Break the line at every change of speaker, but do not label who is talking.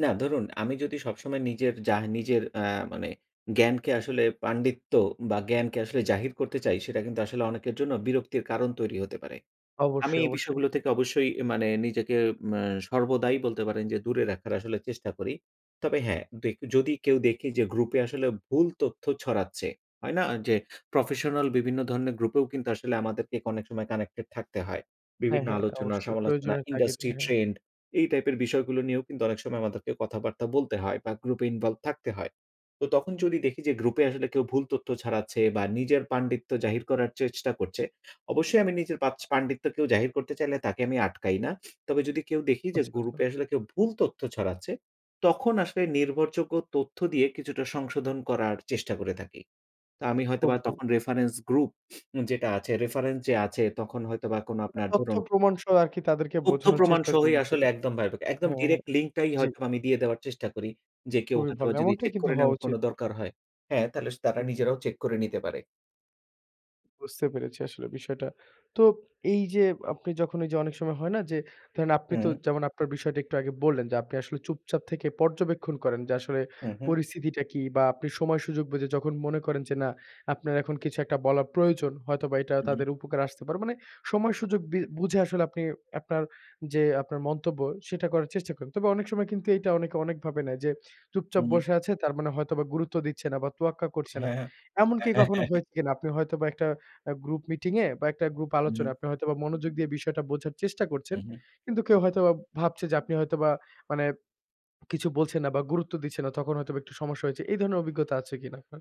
না, ধরুন আমি যদি সবসময় নিজের যা নিজের অ্যা মানে জ্ঞানকে আসলে পাণ্ডিত্য বা জ্ঞানকে আসলে জাহির করতে চাই সেটা কিন্তু আসলে অনেকের জন্য বিরক্তির কারণ তৈরি হতে পারে। আমি
অবশ্যই,
এই
অবশ্যই।
বিষয়গুলো থেকে অবশ্যই মানে নিজেকে আ সর্বদাই বলতে পারেন যে দূরে রাখার চেষ্টা করি। তবে হ্যাঁ, দে কেউ যদি কেউ দেখে যে গ্রুপে আসলে ভুল তথ্য ছড়াচ্ছে, হয় না? যে প্রফেশনাল বিভিন্ন ধরনের গ্রুপেও কিন্তু আসলে আমাদেরকে অনেক সময় কানেক্টেড থাকতে হয়।
হ্যাঁ,
বিভিন্ন
হ্যাঁ
আলোচনা
অবশ্যই।
সমালোচনা,
প্রয়োজনের তাগিদে,
ইন্ডাস্ট্রি
হ্যাঁ।
ট্রেন্ড এই টাইপের বিষয়গুলো নিয়েও কিন্তু অনেক সময় আমাদেরকে কথাবার্তা বলতে হয় বা গ্রুপে ইনভলভড থাকতে হয়। তো তখন যদি দেখি যে গ্রুপে আসলে কেউ ভুল তথ্য ছড়াচ্ছে বা নিজের পাণ্ডিত্য জাহির করার চেষ্টা করছে। অবশ্যই আমি নিজের পাচ পাণ্ডিত্য কেউ জাহির করতে চাইলে তাকে আমি আটকাই না। তবে যদি কেউ দেখি যে
আচ্ছা, আচ্ছা।
গ্রুপে আসলে কেউ ভুল তথ্য ছড়াচ্ছে, তখন আসলে নির্ভরযোগ্য তথ্য দিয়ে কিছুটা সংশোধন করার চেষ্টা করে থাকি। তো আমি
খুব
হয়তোবা
ভালো।
তখন রেফারেন্স গ্রুপ যেটা আছে রেফারেন্স যে আছে তখন হয়তোবা আপনার
তথ্য
ধরুন।
প্রমাণ সহ আর কি তাদেরকে
তথ্য
বোঝানোর
প্রমাণ
চেষ্টা করেন
সহই আসলে
বিষয়টা।
একদম ভার একদম
হ্যাঁ, হ্যাঁ,
ডিরেক্ট লিঙ্কটাই
জি।
হয়তো আমি দিয়ে দেওয়ার চেষ্টা করি যে কেউ
খুবই ভালো,
হয়তোবা যদি
এমনটাই
চেক
কিন্তু
করে
হওয়া
নেওয়ার কোন
উচিত।
দরকার হয়। হ্যাঁ, তাহলে তারা নিজেরাও চেক করে নিতে পারে।
বুঝতে পেরেছি আসলে বিষয়টা। তো এই যে আপনি যখন যে অনেক সময় হয় না যে ধরেন আপনি তো
হুম।
যেমন আপনার বিষয়টা একটু আগে বললেন যে আপনি আসলে চুপচাপ থেকে পর্যবেক্ষণ করেন যে আসলে
উহুম।
পরিস্থিতিটা কি বা আপনি সময় সুযোগ বুঝে যখন মনে করেন যে না আপনার এখন কিছু একটা বলার প্রয়োজন হয়তোবা এটা
হুম।
তাদের উপকারে আসতে পারে। মানে সময় সুযোগ বি বুঝে আসলে আপনি আপনার যে আপনার মন্তব্য সেটা করার চেষ্টা করেন। তবে অনেক সময় কিন্তু এটা অনেকে অনেকভাবে নেয় যে চুপচাপ
হুম।
বসে আছে তার মানে হয়তোবা গুরুত্ব দিচ্ছে না বা তোয়াক্কা করছে না।
হ্যাঁ,
এমনকি
হ্যাঁ।
কখনো হয়েছে কিনা? আপনি হয়তোবা একটা আ গ্রুপ মিটিং এ বা একটা গ্রুপ
হুম।
আলোচনায় আপনি হয়তোবা মনোযোগ দিয়ে বিষয়টা বোঝার চেষ্টা করছেন।
উহুম।
কিন্তু কেউ হয়তোবা ভাবছে যে আপনি হয়তোবা মানে কিছু বলছেন না বা গুরুত্ব দিচ্ছে না তখন হয়তোবা একটু সমস্যা হয়েছে। এই ধরনের অভিজ্ঞতা আছে কিনা আপনার?